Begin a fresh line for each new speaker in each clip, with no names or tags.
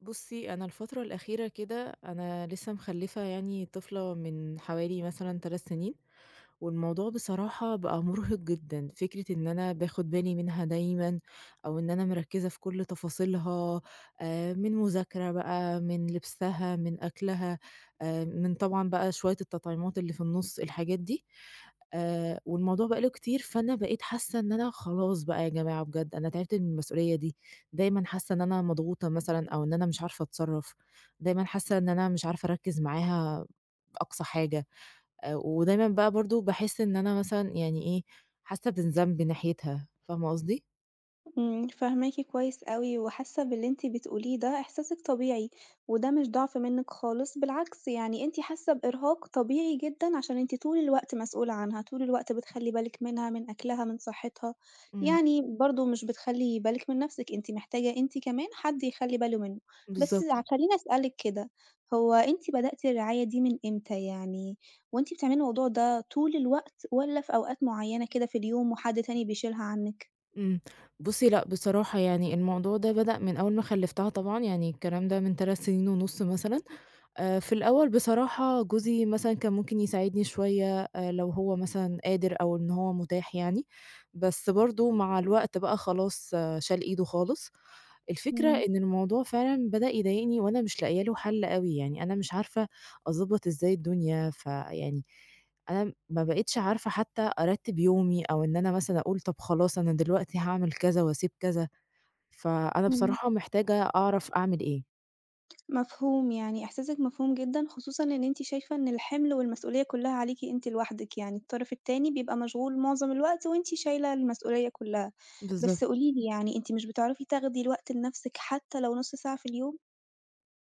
بُصي، أنا الفترة الأخيرة كده أنا لسّه مخلّفة يعني طفلة من حوالي مثلًا 3 سنين، والموضوع بصراحة بقى مُرهِق جدًا فكرة إن أنا باخد بالي منها دايمًا، أو إن أنا مركّزة في كل تفاصيلها، آآ من مذاكرة بقى من لبسها من أكلها، آآ من طبعًا بقى شويّة التطعيمات اللي في النص الحاجات دي، آآ والموضوع بقى له كتير فأنا بقيت حاسّة إن أنا خلاص بقى يا جماعة بجد أنا تعبت من المسؤوليّة دي، دايمًا حاسّة إن أنا مضغوطة مثلًا أو إن أنا مش عارفة أتصرّف، دايمًا حاسّة إن أنا مش عارفة أركّز معاها أقصى حاجة، آآ ودايمًا بقى برضه باحِس إن أنا مثلًا يعني إيه، حاسّة بالذنب ناحيتها، فاهمة قصدي؟
امم، فاهماكِ كويّس أوي وحاسّة باللي أنتِ بتقوليه ده إحساسِك طبيعي، وده مش ضعف منِك خالص بالعكس يعني أنتِ حاسّة بإرهاق طبيعي جدًا عشان أنتِ طول الوقت مسئولة عنها، طول الوقت بتخلّي بالِك منها من أكلها من صحتها،
امم.
يعني برضو مش بتخلّي بالِك من نَفْسِك، أنتِ محتاجة أنتِ كمان حد يخلّي باله منه، بس ع
بالضبط.
خلّيني أسألِك كده، هو أنتِ بدأتِ الرعاية دي من إمتى يعني؟ وأنتِ بتعملي الموضوع ده طول الوقت والّا في أوقات معيّنة كده في اليوم وحد تاني بيشيلها عنِك؟
إمم بُصّي، لأ بصراحة يعني الموضوع ده بدأ من أوّل ما خلفّتها طبعًا، يعني الكلام ده من 3 سنين ونُص مثلًا. آآ في الأوّل بصراحة، جوزي مثلًا كان ممكن يساعدني شويّة، آآ لو هو مثلًا قادر، أو إن هو متاح يعني، بس برضه مع الوقت بقى خلاص شال إيده خالص. الفكرة
إمم.
إن الموضوع فعلًا بدأ يضايقني، وأنا مش لاقية له حل أوي يعني، أنا مش عارفة أضبط إزاي الدنيا، فيعني أنا ما بقيتش عارفة حتّى أرتّب يومي، أو إن أنا مثلًا أقول طَب خلاص، أنا دلوقتي هاعمل كذا، وأسيب كذا، فأنا
إمم.
بصراحة محتاجة أعرف أعمل إيه.
مفهوم، يعني إحساسِك مفهوم جدًا خصوصًا إن أنتِ شايفة إن الحِمل والمسئولية كلّها عليكِ أنتِ لوحدِك، يعني الطرف التاني بيبقى مشغول معظم الوقت، وأنتِ شايلة المسئولية كلّها. بس
بالضبط.
قولي لي يعني أنتِ مش بتعرفي تاخدي الوقت لنفسِك حتى لو نُص ساعة في اليوم؟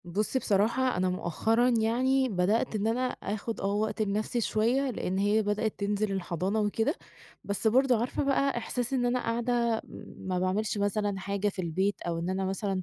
بُصّي، بصراحة أنا مؤخرًا يعني بدأت إن أنا آخد آه وقت لنفسي شويّة، لإن هي بدأت تنزل الحضانة وكده، بس برضه عارفة بقى إحساس إن أنا قاعدة ما باعملش مثلًا حاجة في البيت، أو إن أنا مثلًا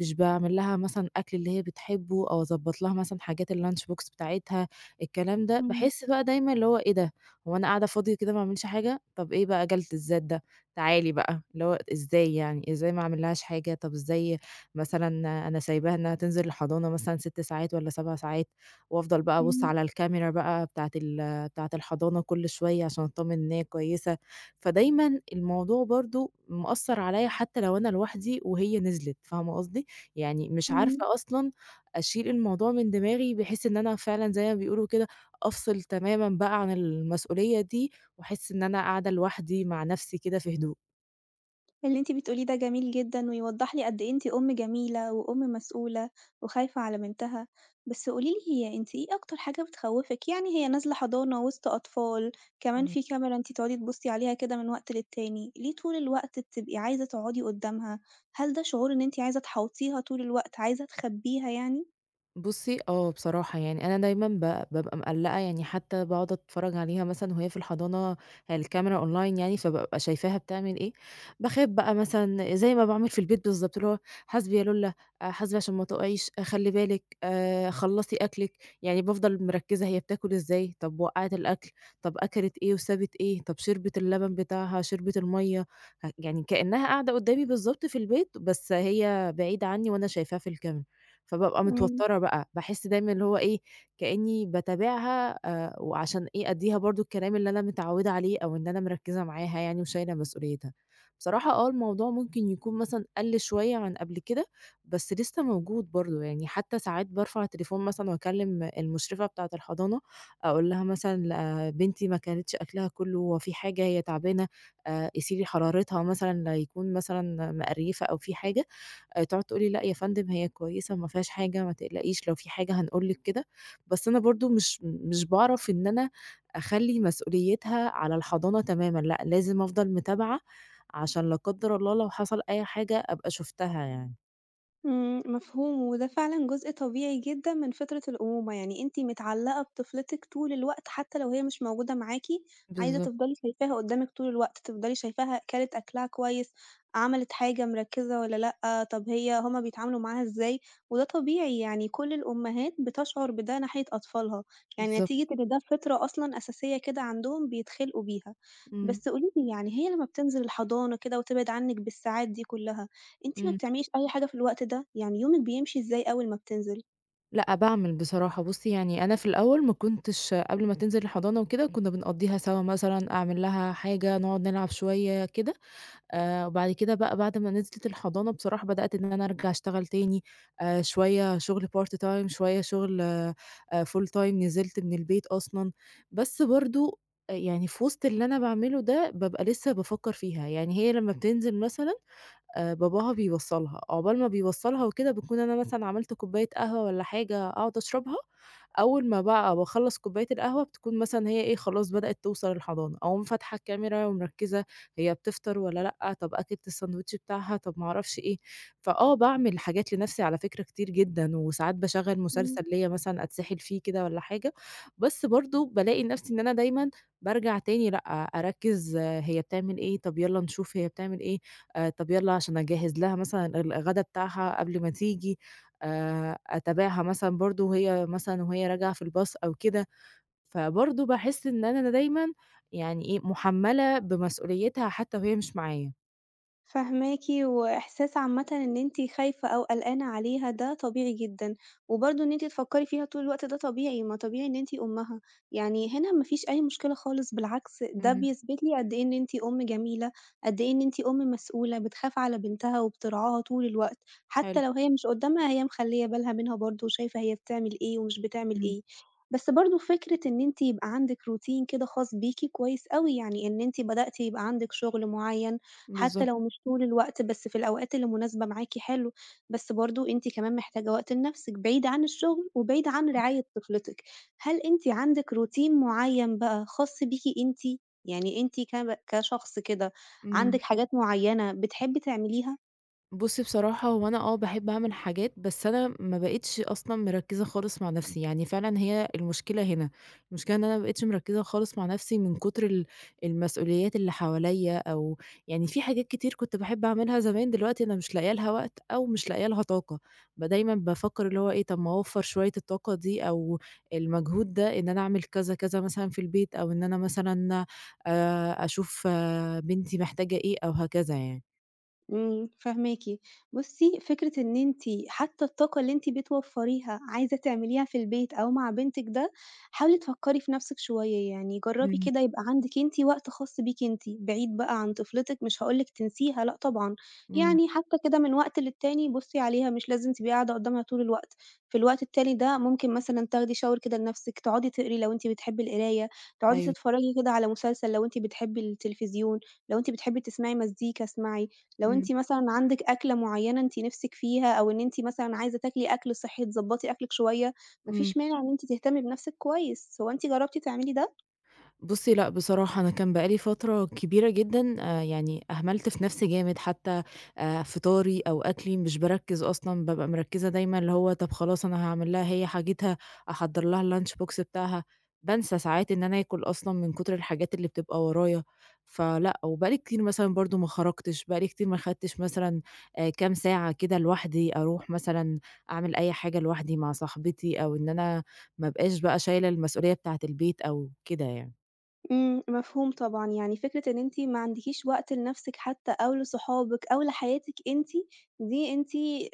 مش باعمل لها مثلًا أكل اللي هي بتحبه، أو أضبط لها مثلًا حاجات الLunch Box بتاعتها، الكلام ده،
إمم.
باحس بقى دايمًا اللي هو إيه ده، هو أنا قاعدة فاضية كده، ما باعملش حاجة، طَب إيه بقى جَلد الذات ده، تعالي بقى، اللي هو إزاي يعني، إزاي ما أعملّهاش حاجة، طَب إزاي مثلًا أنا سايباها إنّها تنزل الحضانة مثلًا 6 ساعات، والّا 7 ساعات، وأفضل بقى أبُص
إمم.
على الCamera بقى بتاعة ال بتاعة الحضانة كل شويّة، عشان أتطمن إن هي كويّسة، فدايمًا الموضوع برضه مأثر عليّا، حتّى لو أنا لوحدي، وهي نزلِت، فاهمة قصدي؟ يعني مش
إمم.
عارفة أصلًا أشيل الموضوع من دماغي، بحيث إن أنا فعلًا زي ما بيقولوا كده أفصل تمامًا بقى عن المسؤوليّة دي، وأحس إن أنا قاعدة لوحدي مع نفْسي كده في هدوء.
اللي أنتِ بتقوليه ده جميل جدًا ويوضّح لي قد إيه أنتِ أُم جميلة وأُم مسئولة وخايفة على بنتها، بس قولي لي أنتِ إيه أكتر حاجة بتخوّفِك؟ يعني هي نازلة حضانة وسط أطفال، كمان
إمم.
فيه كاميرا أنتِ تقعدي تبُصي عليها كده من وقت للتاني، ليه طول الوقت بتبقي عايزة تقعدي قدامها؟ هل ده شعور إن أنتِ عايزة تحاوطيها طول الوقت عايزة تخبيها يعني؟
بُصي آه، بصراحة يعني أنا دايمًا ب بابقى مقلّقة يعني، حتى باقعد أتفرّج عليها مثلًا وهي في الحضانة، هي الCamera Online يعني، فبابقى شايفاها بتعمل إيه، باخاف بقى مثلًا زي ما باعمل في البيت بالضبط، اللي هو "حاسْبي يا لولّا، آآ حاسْبي عشان ما تقعيش، خلّي بالِك، آآ خلّصي أكلِك." يعني بافضل مركّزة هي بتاكل إزاي، طَب وقّعِت الأكل، طَب أكلِت إيه وسابِت إيه، طَب شربِت اللبن بتاعها، شربِت المَيَّة، يعني كأنها قاعدة قدامي بالضبط في البيت، بس هي بعيدة عنّي، وأنا شايفاها في الCamera، فبابقى
إمم.
متوتّرة بقى، باحس دايمًا اللي هو إيه، كأنّي باتابعها، آآ وعشان إيه أدّيها برضه الكلام اللي أنا متعودة عليه، أو إن أنا مركّزة معاها يعني، وشايلة مسؤوليتها. بصراحة آه، الموضوع ممكن يكون مثلًا قل شوية عن قبل كده، بس لسه موجود برضه يعني، حتى ساعات بارفع التليفون مثلًا، وأكلّم المشرفة بتاعة الحضانة، أقول لها مثلًا آآ "بنتي ما كلِتش أكلها كلّه، هو فيه حاجة، هي تعبانة؟ آآ قيسي لي حرارتها مثلًا، ليكون مثلًا مِقرْيفَة أو فيه حاجة." آآ تقعد تقول لي: "لأ يا فندم، هي كويسة، ما فيهاش حاجة، ما تقلقيش، لو فيه حاجة هنقول لِك." كده، بس أنا برضه مش مش باعرف إن أنا أخلّي مسؤوليتها على الحضانة تمامًا، لأ، لازم أفضل متابعة، عشان لا قدّر الله لو حصل أي حاجة، أبقى شُفتها يعني.
امم، مفهوم وده فعلًا جزء طبيعي جدًا من فطرة الأمومة، يعني أنتِ متعلقة بطفلتِك طول الوقت حتّى لو هي مش موجودة معاكِ، عايزة
بالضبط.
تفضلي شايفاها قدامِك طول الوقت تفضلي شايفاها كلِت أكلها كويّس، عملِت حاجة مركّزة والّا لأ طَب هي هُم بيتعاملوا معاها إزاي، وده طبيعي يعني كل الأمهات بتشعر بده ناحية أطفالها، يعني
بالضبط.
نتيجة إن ده فطرة أصلًا أساسية كده عندهم بيتخلقوا بيها.
امم.
بس قولي لي يعني هي لمّا بتنزل الحضانة كده وتبعد عنِك بالساعات دي كلّها، أنتِ ما
امم.
بتعمليش أي حاجة في الوقت ده؟ يعني يومِك بيمشي إزاي أوّل ما بتنزل؟
لأ باعمل بصراحة، بُصي يعني أنا في الأوّل ما كُنتش قبل ما تنزل الحضانة وكده كُنا بنقضيها سوا مثلًا أعمل لها حاجة، نقعد نلعب شويّة كده، آآ، وبعد كده بقى بعد ما نزلِت الحضانة بصراحة بدأت إن أنا أرجع أشتغل تاني، آآ، شويّة شغل Part Time شويّة شغل آآ، Full Time نزلت من البيت أصلًا، بس برضو، آآ، يعني في وسط اللي أنا باعمله ده بابقى لسّه بافكّر فيها، يعني هي لمّا بتنزل مثلًا، آآ، باباها بيوصّلها عقبال ما بيوصّلها وكده باكون أنا مثلًا عملت كوباية قهوة والّا حاجة أقعد أشربها، أوّل ما بقى باخلّص كوباية القهوة بتكون مثلًا هي إيه خلاص بدأت توصل الحضانة، أقوم فاتحة الكاميرا ومركّزة، هي بتفطر والّا لأ، طَب أكلِت السندوتش بتاعها، طَب ما أعرفش إيه، فآه باعمل حاجات لنَفْسي على فكرة كتير جدًا، وساعات باشغّل
امم.
مسلسل ليّا مثلًا أتسحل فيه كده والّا حاجة، بس برضو بالاقي نَفْسي إن أنا دايمًا، بارجع تاني لأ، أركّز هي بتعمل إيه طَب يالّا نشوف هي بتعمل إيه، آآ، طَب يالّا عشان أجهّز لها مثلًا الغدا بتاعها قبل ما تيجي، آآ، أتابعها مثلًا برضو وهي مثلًا وهي راجعة في الbus أو كده، فبرضو باحِس إن أنا د دايمًا، يعني إيه مُحمّلة بمسؤوليتها حتّى وهي مش معايا.
فاهماكِ، وإحساس عامةً إن أنتِ خايفة أو قلقانة عليها ده طبيعي جدًا، وبرضه إن أنتِ تفكّري فيها طول الوقت ده طبيعي، ما طبيعي إن أنتِ أمها، يعني هنا مافيش أي مشكلة خالص بالعكس ده
اهم.
بيثبت لي قد إيه إن أنتِ أم جميلة، قد إيه إن أنتِ أم مسؤولة بتخاف على بنتها وبترعاها طول الوقت، حتى
حلو.
لو هي مش قدامها هي مخلّية بالها منها برضه وشايفة هي بتعمل إيه ومش بتعمل
امم.
إيه. بس برضه فكرة إن أنتِ يبقى عندِك routine كده خاص بيكِ كويس أوي يعني إن أنتِ بدأتِ يبقى عندِك شغل معيّن حتى لو
بالضبط.
مش طول الوقت، بس في الأوقات اللي مناسبة معاكِ حلو، بس برضه أنتِ كمان محتاجة وقت لنفسِك بعيد عن الشغل وبعيد عن
امم.
رعاية طفلتِك، هل أنتِ عندِك routine معيّن بقى خاص بيكِ أنتِ؟ يعني أنتِ كب كشخص كده
امم.
عندِك حاجات معيّنة بتحبّي تعمليها؟
بُصِّي، بصراحة هو أنا آه باحب أعمل حاجات، بس أنا ما بقيتِش أصلًا مركزة خالص مع نفسي، يعني فعلًا هي المشكلة هنا، المشكلة إن أنا ما بقيتِش مركزة خالص مع نفسي من كتر ال المسئوليات اللي حواليا، أو يعني في حاجات كتير كُنت باحب أعملها زمان، دلوقتي أنا مش لاقية لها وقت أو مش لاقية لها طاقة، بدايمًا بافكر اللي هو إيه طَب ما أوفّر شوية الطاقة دي أو المجهود ده إن أنا أعمل كذا، كذا مثلًا في البيت أو إن أنا مثلًا آآ، أشوف بنتي محتاجة إيه أو هكذا يعني.
امم، فاهماكِ. بُصي، فكرة إن أنتِ حتّى الطاقة اللي أنتِ بتوفريها عايزة تعمليها في البيت أو مع بنتِك ده، حاولي تفكّري في نَفْسِك شويّة يعني جرّبي
امم.
كده يبقى عندِك أنتِ وقت خاص بيكِ أنتِ، بعيد بقى عن طفلتِك مش هاقول لِك تنسيها لأ طبعًا،
امم.
يعني حتّى كده من وقت للتاني بُصي عليها مش لازم تبقي قاعدة قدامها طول الوقت، في الوقت التالي ده ممكن مثلًا تاخدي shower كده لنَفْسِك، تقعدي تقري لو أنتِ بتحبّي القراية، تقعدي
أيوه.
تتفرجي كده على مسلسل لو أنتِ بتحبّي التليفزيون، لو أنتِ بتحبّي تسمعي مزيكا اسمعي، لو
امم.
أنتِ مثلًا عندِك أكلة معيّنة أنتِ نِفْسِك فيها أو إن أنتِ مثلًا عايزة تاكلي أكل صحّي تضبطي أكلِك شويّة، ما
امم.
فيش مانع إن أنتِ تهتمي بنَفْسِك كويّس، هو أنتِ جربتِ تعملي ده؟
بُصي، لأ بصراحة أنا كان بقى لي فترة كبيرة جدًا آآ يعني أهملت في نَفْسي جامد حتّى، آآ فطاري أو أكلي مش باركّز أصلًا، بابقى مركّزة دايمًا اللي هو طَب خلاص أنا هاعمل لها هي حاجتها، أحضّر لها الLunchbox بتاعها، بانسى ساعات إن أنا آكل أصلًا من كتر الحاجات اللي بتبقى ورايا، فلأ، وبقى لي كتير مثلًا برضو ما خرجتش بقى لي كتير ما أخدتش مثلًا، آآ كام ساعة كده لوحدي أروح مثلًا، أعمل أي حاجة لوحدي مع صاحبتي، أو إن أنا ما ابقاش بقى شايلة المسئولية بتاعة البيت أو كده يعني.
امم، مفهوم طبعًا، يعني فكرة إن أنتِ ما عندكيش وقت لنفْسِك حتى أو لصحابِك أو لحياتِك أنتِ، دي أنتِ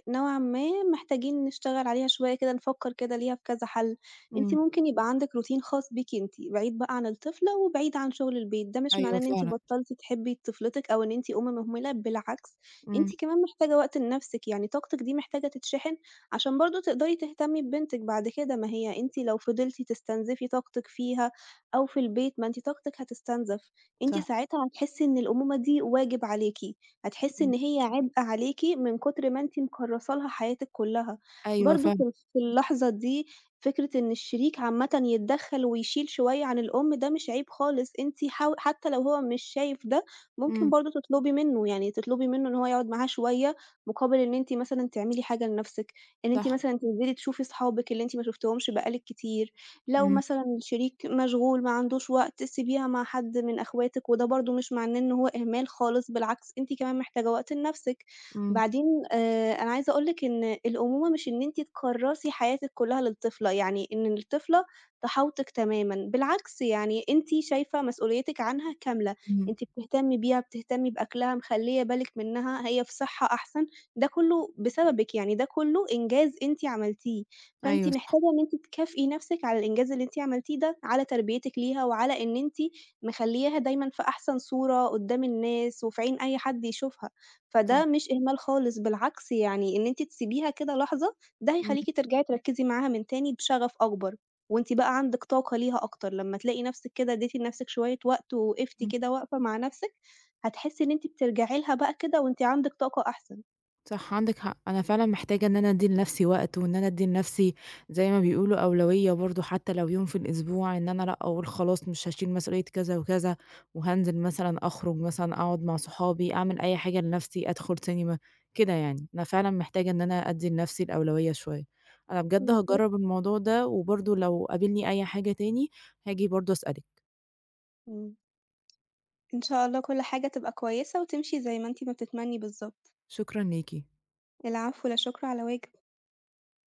نوعًا ما محتاجين نشتغل عليها شوية كده، نفكر كده ليها في كذا حل. أنتِ
امم.
ممكن يبقى عندِك Routine خاص بيكِ أنتِ، بعيد بقى عن الطفلة وبعيد عن شغل البيت، ده مش معناه
أيوه،
إن أنتِ
فعلًا.
بطلتِ تحبّي طفلتِك أو إن أنتِ أم مهملة، بالعكس أنتِ
امم.
كمان محتاجة وقت لنفسِك، يعني طاقتِك دي محتاجة تتشحن، عشان برضه تقدري تهتمي ببنتِك بعد كده، ما هي أنتِ لو فضلتِ تستنزفي طاقتِك فيها أو في البيت، ما أنتِ طاقتِك هتُستنزَف، أنتِ
صح.
ساعتها هتحسّي إن الأمومة دي واجب عليكِ، هتحسّي
امم.
إن هي عبء عليكِ من كتر ما أنتِ مكرّسة لها حياتِك كلّها،
أيوه
برضه في
فاهمة.
في اللحظة دي فكرة إن الشريك عامةً يتدخل ويشيل شوية عن الأم، ده مش عيب خالص، أنتِ حاو حتى لو هو مش شايف ده، ممكن
امم.
برضه تطلبي منه، يعني تطلبي منه إن هو يقعد معاها شوية، مقابل إن أنتِ مثلًا تعملي حاجة لنفسِك، إن أنتِ
صح.
مثلًا تنزلي تشوفِي صحابِك اللي أنتِ ما شُفتِهمش بقى لِك كتير، لو
امم.
مثلًا الشريك مشغول، ما عندوش وقت، سيبيها مع حد من أخواتِك، وده برضه مش معناه إن هو إهمال خالص، بالعكس أنتِ كمان محتاجة وقت لنفْسِك.
امم.
بعدين آآ أنا عايزة أقول لِك إن الأمومة مش إن أنتِ تكرّسي حياتِك كلها للطفلة، يعني إن الطفلة تحاوطِك تمامًا، بالعكس يعني أنتِ شايفة مسؤوليتِك عنها كاملة،
امم.
أنتِ بتهتمي بيها، بتهتمي بأكلها، مخليّة بالِك منها، هي في صحة أحسن، ده كلّه بسببِك، يعني ده كله إنجاز أنتِ عملتيه، فأنتِ
أيوه صح.
محتاجة إن أنتِ تكافئي نفْسِك على الإنجاز اللي أنتِ عملتيه ده، على تربيتِك ليها وعلى إن أنتِ مخلياها دايمًا في أحسن صورة قدّام الناس وفي عين أي حد يشوفها، فده
صح.
مش إهمال خالص، بالعكس يعني إن أنتِ تسيبيها كده لحظة، ده
امم.
هيخليكِ ترجعي تركزي معاها من تاني بشغف أكبر وأنتِ بقى عندِك طاقة ليها أكتر، لمّا تلاقي نفْسِك كده اديتِ لنفْسِك شوية وقت ووقفتِ
امم.
كده وقفة مع نفْسِك، هتحسّي إن أنتِ بترجعي لها بقى كده وأنتِ عندِك طاقة أحسن.
صح عندِك حق، أنا فعلًا محتاجة إن أنا أدّي لنفْسِي وقت وإن أنا أدّي لنفْسِي- زي ما بيقولوا- أولوية برضه، حتى لو يوم في الأسبوع، إن أنا لأ أقول خلاص مش هاشيل مسئولية كذا وكذا، وهانزل مثلًا أخرج مثلًا أقعد مع صحابي، أعمل أي حاجة لنفْسِي، أدخل سينما، كده يعني. أنا فعلًا محتاجة إن أنا أدّي لنفْسِي الأولوية شوية. أنا بجد
بالضبط.
هاجرب الموضوع ده وبرضه لو قابلني أي حاجة تاني، هاجي برضه أسألِك.
امم. إن شاء الله كل حاجة تبقى كويسة وتمشي زي ما أنتِ ما بتتمني بالضبط.
شكرًا ليكِ.
العفو، لا شُكر على واجب.